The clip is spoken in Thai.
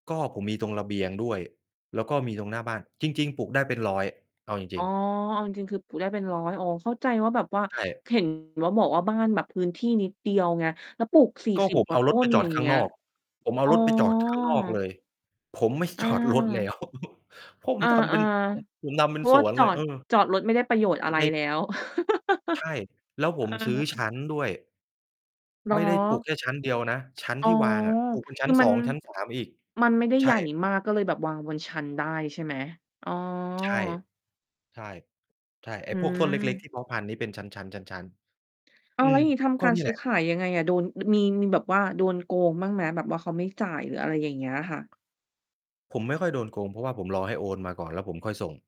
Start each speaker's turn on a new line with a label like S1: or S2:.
S1: ก็ผมมีตรงระเบียงด้วย แล้วก็มีตรงหน้าบ้าน จริง ๆ ปลูกได้เป็น 100 เอาจ
S2: อ๋
S1: ริ
S2: อ
S1: ง ๆ
S2: เอาจริง ๆ คือปลูกได้เป็น 100 อ๋อ เข้าใจว่าแบบว่า
S1: ใช่
S2: เห็น ว่าบอกว่าบ้านแบบพื้นที่นิดเดียวไง แล้วปลูก สี่
S1: ก็
S2: สิบ
S1: ผม
S2: กว
S1: เอ
S2: ่า
S1: า
S2: ต
S1: รถ
S2: ้
S1: ไป
S2: น
S1: จ
S2: อ
S1: อ
S2: ย
S1: ด
S2: ่าง
S1: ข้
S2: เง
S1: าง
S2: ี้ย
S1: นอก ผมเอ
S2: อ
S1: า
S2: ๋อ
S1: รถไปจอด ข้าง นอกเลย ผม ไม่
S2: อ
S1: จอดรถแล้
S2: า
S1: ว ผม
S2: อา
S1: ทำเป็น ผม
S2: ๆ
S1: ผมทำเป
S2: เ
S1: ็
S2: พ
S1: น
S2: ราะ
S1: ส
S2: ว่า
S1: วน
S2: จ
S1: เล
S2: อ
S1: ย เ
S2: ด
S1: ออ
S2: จอดรถไม่ได้ประโยชน์อะไร
S1: ใน
S2: แล้ว
S1: ใช่ แล้วผ
S2: เออ
S1: มซื้อชั้นด้วย
S2: เหร
S1: ไม่ได้ปลูก
S2: อ?
S1: แค่ชั้นเดียวนะ ชั้น
S2: อ๋
S1: ท
S2: อ
S1: ี่วางอะ ปลูกเป็นช
S2: ค
S1: ั
S2: ื
S1: ้น
S2: อม
S1: ส
S2: ั
S1: อ
S2: น
S1: ง ชั้น 3 อีก
S2: มันไม่ได้
S1: ใช
S2: ใหญ
S1: ่
S2: ่มาก ก็เลยแบบวางบนชั้นได้ใช่ไหม? อ๋อ
S1: ใช่ ใช่ ใช่ ไอ
S2: อ
S1: ้
S2: ื
S1: พวก ต้นเล็ก ๆ
S2: ม
S1: ที่เพาะพันธุ์ ที่เป็นชั้น ๆ ชั้น
S2: อ้
S1: ๆ อ
S2: า
S1: ื
S2: ว แล้ว
S1: ม
S2: อย่างงี้ท
S1: ก
S2: ำ
S1: ็
S2: การ
S1: นี่
S2: ซื
S1: แห
S2: ้
S1: ล
S2: อ
S1: ะ
S2: ขายยังไงอะ? โดน มี มีแบบว่าโดนโกงบ้างไหม? แบบว่าเขาไม่จ่าย หรืออะไรอย่างเงี้ยค่ะ
S1: ผมไม่ค่อยโดนโกง เพราะว่าผมรอให้โอนมาก่อน แล้วผมค่อยส่ง